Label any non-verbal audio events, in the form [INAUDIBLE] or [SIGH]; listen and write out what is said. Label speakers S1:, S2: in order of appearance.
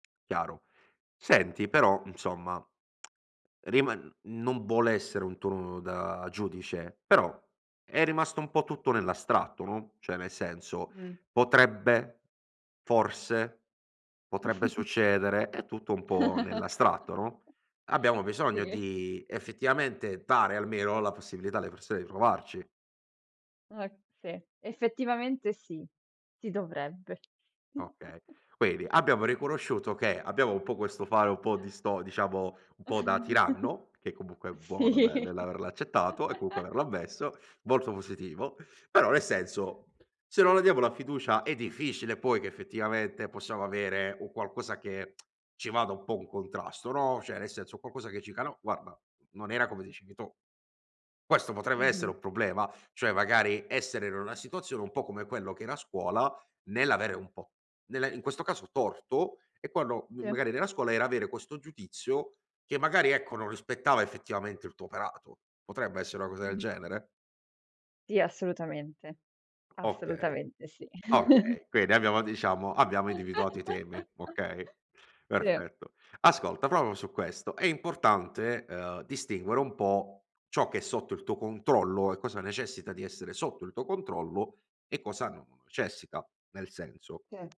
S1: Chiaro, senti però, insomma, [TSK] riman non vuole essere un tono da giudice, però è rimasto un po' tutto nell'astratto, no, cioè nel senso,
S2: Mh.
S1: potrebbe forse, potrebbe
S2: [CHUCKLES]
S1: succedere, è tutto un po' nell'astratto, no,
S2: [CHUCKLES]
S1: abbiamo bisogno
S2: Sì.
S1: di, effettivamente, dare almeno la possibilità alle persone di provarci.
S2: Ok sì, effettivamente sì, ti dovrebbe
S1: Okay,
S2: [CHUCKLES]
S1: quindi abbiamo riconosciuto che abbiamo un po' questo fare un po'
S2: [CHUCKLES]
S1: disto diciamo un po' da tiranno, che
S2: [CHUCKLES]
S1: comunque è buono ne
S2: Sì.
S1: nell'averlo accettato e, comunque,
S2: [CHUCKLES]
S1: averlo ammesso, molto positivo. Però, ne senso, se non la diamo la fiducia è difficile poi che, effettivamente, possiamo avere un qualcosa che [TSK] ci vada un po' un contrasto, no, cioè nel senso, un qualcosa che ci dica: "No, guarda, n non era come dicevi tu". Questo potrebbe
S2: Mh-mh.
S1: essere un problema, cioè, magari essere in una situazione, un po' come quello che era scuola, nell'avere un po' nell'a in questo caso torto, e quando m
S2: Sì.
S1: magari nella scuola era avere questo giudizio che, magari, ecco, non rispettava effettivamente il tuo operato. Potrebbe essere una cosa del
S2: Mh-mh.
S1: genere?
S2: Sì, assolutamente.
S1: Okay,
S2: Assolutamente sì.
S1: okay quindi abbiamo, diciamo abbiamo individuato i
S2: [LAUGHS]
S1: temi. Okay,
S2: Sì.
S1: perfetto. Ascolta, proprio su questo è importante, uhm, distinguere un po' ciò che è sotto il tuo controllo, e cosa necessita di essere sotto il tuo controllo, e cosa non lo necessita, nel senso
S2: Sì.